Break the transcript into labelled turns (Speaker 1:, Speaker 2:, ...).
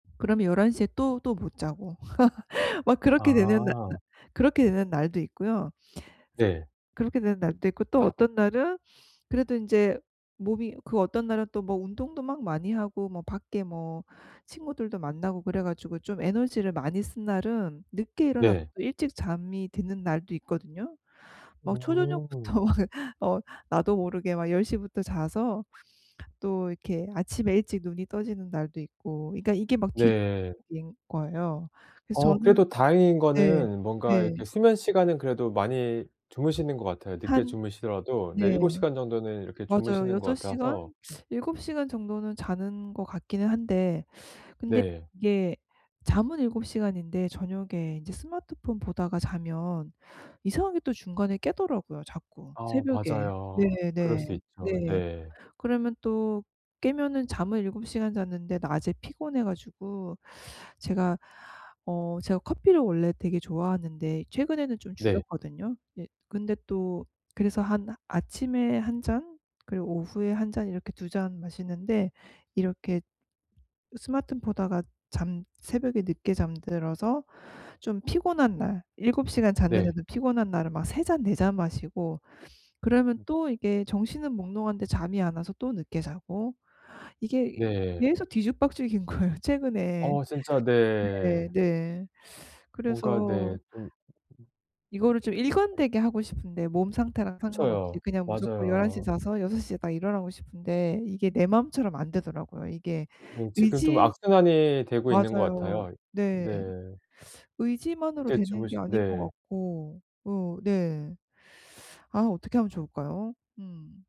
Speaker 1: 그러면 11 시에 또, 또 못 자고 막 그렇게 되는 나 날
Speaker 2: 아.
Speaker 1: 그렇게 되는 날도 있고요. 스
Speaker 2: 네.
Speaker 1: 그렇게 되는 날도 있고 또 어떤 날은 그래도 인제 몸이 그 어떤 날은 또 뭐 운동도 막 많이 하고 뭐 밖에 뭐 친구들도 만나고 그래 가지고 좀 에너지를 많이 쓴 날은 늦게 일어나서
Speaker 2: 네.
Speaker 1: 일찍 잠이 드는 날도 있거든요. 막
Speaker 2: 음.
Speaker 1: 초저녁부터 어 나도 모르게 막 10 시부터 자서 또 이렇게 아침에 일찍 눈이 떠지는 날도 있고 그러니까 이게 막
Speaker 2: 네.
Speaker 1: 뒤죽박죽인 거예요. 그래서
Speaker 2: 어
Speaker 1: 저는
Speaker 2: 그래도 다행인
Speaker 1: 네
Speaker 2: 거는 뭔가 이렇게
Speaker 1: 네.
Speaker 2: 수면 시간은 그래도 많이 주무시는 것 같아요. 늦게
Speaker 1: 한
Speaker 2: 주무시더라도 네 7
Speaker 1: 네.
Speaker 2: 시간 정도는 이렇게
Speaker 1: 맞아요.
Speaker 2: 주무시는 것
Speaker 1: 6 시간?
Speaker 2: 같아서
Speaker 1: 7 시간 정도는 자는 것 같기는 한데 근데
Speaker 2: 네.
Speaker 1: 이게 잠은 7 시간인데 저녁에 인제 스마트폰 보다가 자면 이상하게 또 중간에 깨더라고요 자꾸
Speaker 2: 어
Speaker 1: 새벽에.
Speaker 2: 맞아요.
Speaker 1: 네
Speaker 2: 그럴 수
Speaker 1: 네.
Speaker 2: 있죠.
Speaker 1: 네.
Speaker 2: 네.
Speaker 1: 그러면 또 깨면은 잠을 7 시간 잤는데 낮에 피곤해 가지고 제가 어 제가 커피를 원래 되게 좋아하는데 최근에는 좀
Speaker 2: 네.
Speaker 1: 줄였거든요. 네 근데 또 그래서 한 아침에 1 잔 그리고 오후에 1 잔 이렇게 2 잔 마시는데 이렇게 스마트 보다가 잠 새벽에 늦게 잠들어서 좀 피곤한 날 7 시간
Speaker 2: 네.
Speaker 1: 잤는데도 피곤한 날은 막 3 잔 4 잔 마시고 그러면
Speaker 2: 음.
Speaker 1: 또 이게 정신은 몽롱한데 잠이 안 와서 또 늦게 자고 이게
Speaker 2: 네.
Speaker 1: 계속 뒤죽박죽인 거예요. 최근에.
Speaker 2: 어 진짜
Speaker 1: 네
Speaker 2: 네.
Speaker 1: 네
Speaker 2: 뭔가
Speaker 1: 그래서
Speaker 2: 네 좀
Speaker 1: 이거를 좀
Speaker 2: 엄
Speaker 1: 일관되게 하고 싶은데 몸 상태랑 상관없이
Speaker 2: 그쵸.
Speaker 1: 그냥 무조건 11 시에
Speaker 2: 맞아요.
Speaker 1: 자서 6 시에 딱 일어나고 싶은데 이게 내 마음처럼 안 되더라고요. 이게
Speaker 2: 음 지금 좀
Speaker 1: 의지
Speaker 2: 악순환이 되고 있는 것
Speaker 1: 맞아요.
Speaker 2: 같아요.
Speaker 1: 네.
Speaker 2: 네.
Speaker 1: 의지만으로
Speaker 2: 늦게
Speaker 1: 되는
Speaker 2: 주무시
Speaker 1: 게 아닌 것
Speaker 2: 네.
Speaker 1: 같고. 으 네. 아 어떻게 하면 좋을까요? 음.